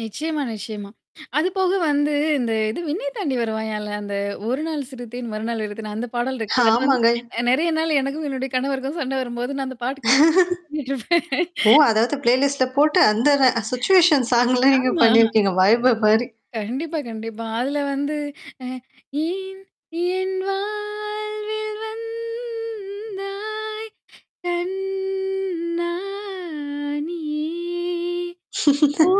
நிச்சியமா, நிச்சியமா. அதுபோக வந்து இந்த இது "விண்ணய் தாண்டி வருவாயால" அந்த 1 நாள் சிறுத்தேன் மறுநாள் அழுதேன் அந்த பாடல் இருக்குல்ல. அது வந்து ஆமாங்க. நெறைய நாள் எனக்கும் என்னுடைய கணவருக்கும் சண்ட வரும்போது நான் அந்த பாட்டு [unintelligible] பண்ணிவுட்ருவேன். ஓ! அதாவது ப்ளேலிஸ்ட்ல போட்டு அந்தனா சிச்சுவேஷன் சாங்லாம் நீங்க ஆமா. பண்ணியிருக்கீங்க வைபு மாரி. கண்டிப்பா, கண்டிப்பா. அதுல வந்து, அ ஏன் என் வாழ்வில் வந்தாய் கண்ணா நீ, ஓ!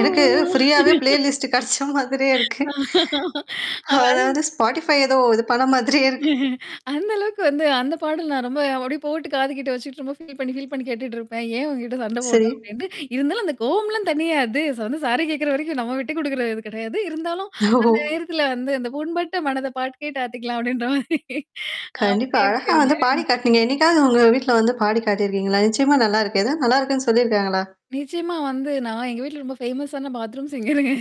எனக்கு ஃப்ரீயாவே ப்ளே லிஸ்ட் கிடைச்ச மாதிரியே இருக்கு. அவன் அதாவது ஸ்பாட்டிஃபை ஏதோ இது பண்ண மாதிரியே இருக்கு. அந்த அளவுக்கு வந்து அந்த பாடல் நான் ரொம்ப அப்டியே போட்டு காதுக்கிட்டு வச்சுட்டு ரொம்ப ஃபீல் பண்ணி ஃபீல் பண்ணி கேட்டுட்டு இருப்பேன். ஏன் உன்கிட்ட சண்ட சரி. போட்டும் அப்டின்ட்டு இருந்தாலும் அந்த கோவம்லாம் தணியாது. வந்து சாரி கேட்குற வரைக்கும் நம்ம விட்ட குடுக்குற இது கிடையாது. இருந்தாலும் அந்த ஓ! நேரத்தில வந்து அந்த புண்பட்ட மனத பாட்டு கேட்டு ஆத்திக்கலாம் அப்டின்ற மாரி. கண்டிப்பா. அப்டி [unintelligible] அழகா வந்து பாடி இருக்குங்க. காட்டினீங்க. என்னைக்காவது உங்க வீட்ல வந்து பாடி காட்டிருக்கீங்களா? நிச்சியமா நல்லாருக்கு. எதாவது நல்லாருக்குன்னு சொல்லிருக்காங்களா? நிச்சியமா வந்து நான் எங்க வீட்ல ரொம்ப ஃபேமஸ்ஸான பாத்ரூம்ஸ்ங்கருங்க.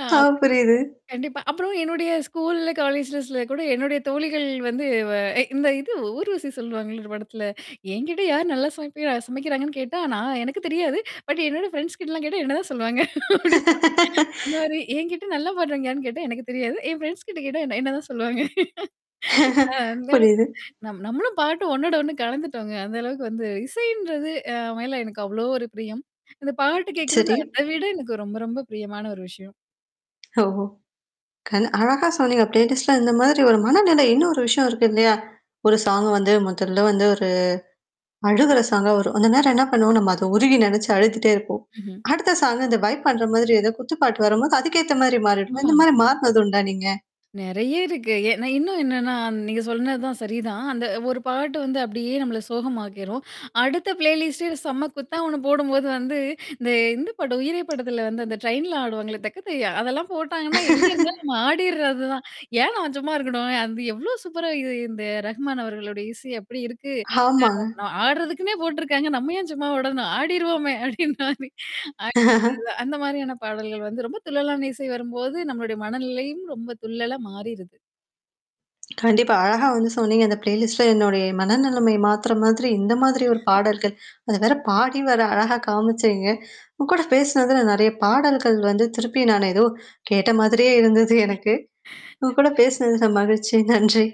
அ ஆ! அப்டி. புரியுது. கண்டிப்பா. அப்புறம் என்னுடைய ஸ்கூல்ல, காலேஜ்லஸ்ல கூட என்னுடைய தோழிகள் வந்து வ இந்த இது ஊர்வசி சொல்லுவாங்கல்ல ஒரு படத்துல. என்கிட்ட யார் நல்லா சமைப்ப சமைக்கிறாங்கன்னு கேட்டா, நா ஆனா எனக்கு தெரியாது. பட் என்னோட ஃப்ரெண்ட்ஸ் கிட்டலாம் கேட்டா என்னதான் சொல்லுவாங்க அப்டி அந்த மாரி என்கிட்ட நல்லா பாடுறவங்க யாருனு கேட்டா எனக்கு தெரியாது. என் ஃப்ரெண்ட்ஸ் கிட்ட கேட்டா என்ன என்னதான் சொல்லுவாங்க. அ அந்தளவுக்கு புரியுது. நம் நம்மளும் பாட்டு ஒன்னோட ஒண்ணு கலந்துட்டோங்க. அந்த அளவுக்கு வந்து இசைன்றது அ மேல எனக்கு அவ்வளோ ஒரு பிரியம். இந்த பாட்டு கேட்கறது சரி. அத விட எனக்கு ரொம்ப ரொம்ப பிரியமான ஒரு விஷயம். ஓஹோ! கண் அழகா சொன்னீங்க. ப்ளேலிஸ்ட்ல இந்த மாதிரி ஒரு மனநிலை இன்னொரு விஷயம் இருக்கு இல்லையா? ஒரு சாங் வந்து முதல்ல வந்து ஒரு அழுகுற சாங்கா வரும். அந்த நேரம் என்ன பண்ணுவோம் நம்ம அத உருகி நெனச்சு அழுதிட்டே இருப்போம். ம்ஹ்ம். அடுத்த சாங் இந்த வைப் பண்ற மாதிரி ஏதோ குத்துப்பாட்டு வரும்போது அதுக்கேத்த மாதிரி மாறிடுவோம்? ஆமா. இந்த மாரி மாறுனதுண்டா நீங்க? நெறைய இருக்கு. ஏன்ன இன்னும் என்னன்னா நீங்க சொன்னது தான் சரிதான். அந்த ஒரு பாட்டு வந்து அப்டியியே நம்மள சோகமாக்கிரும். அடுத்த ப்ளேலிஸ்ட்டே செம்ம குத்தா ஒண்ணு போடும்போது வந்து இந்த இந்த படம் உயிரே படத்துல வந்து அந்த ட்ரெயின்ல ஆடுவாங்களே! தக்கத்தையா. அதெல்லாம் போட்டாங்கன்னா, எங்கே இருந்தாலும் நம்ம ஆடிர்றது தான். ஏன் நான் சும்மா இருக்கணும்? அது எவ்ளோ சூப்பரா இது இந்த ரஹ்மான் அவர்களுடைய இசை அப்டி இருக்கு! ஆமாங்க. ஆ [unintelligible] ஆடுறதுக்குன்னே போட்டுருக்காங்க. நம்ம ஏன் சும்மாவுடனும் ஆடிருவோமே! அப்டின்ற மாரி. ஆடி [unintelligible] அதான் அந்த மாரியான பாடல்கள் வந்து. ரொம்ப துள்ளலான இசை வரும்போது நம்மளுடைய மனநிலையும் ரொம்ப துள்ளலா மாறிருது. கண்டிப்பா. அழகா வந்து சொன்னீங்க. அந்த ப்ளேலிஸ்ட்ல என்னுடைய மனநிலைமை மாத்துற மாதிரி இந்த மாதிரி ஒரு பாடல்கள். அது வேற பாடி வேற அழகா காமிச்சேங்க. உங்க கூட பேசினதுல நறைய பாடல்கள் வந்து திருப்பி நானு ஏதோ கேட்ட மாதிரியே இருந்தது எனக்கு. உங்க கூட கண்டிப் பேசினதுல மகிழ்ச்சி. நன்றி.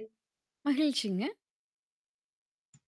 மகிழ்ச்சிங்க.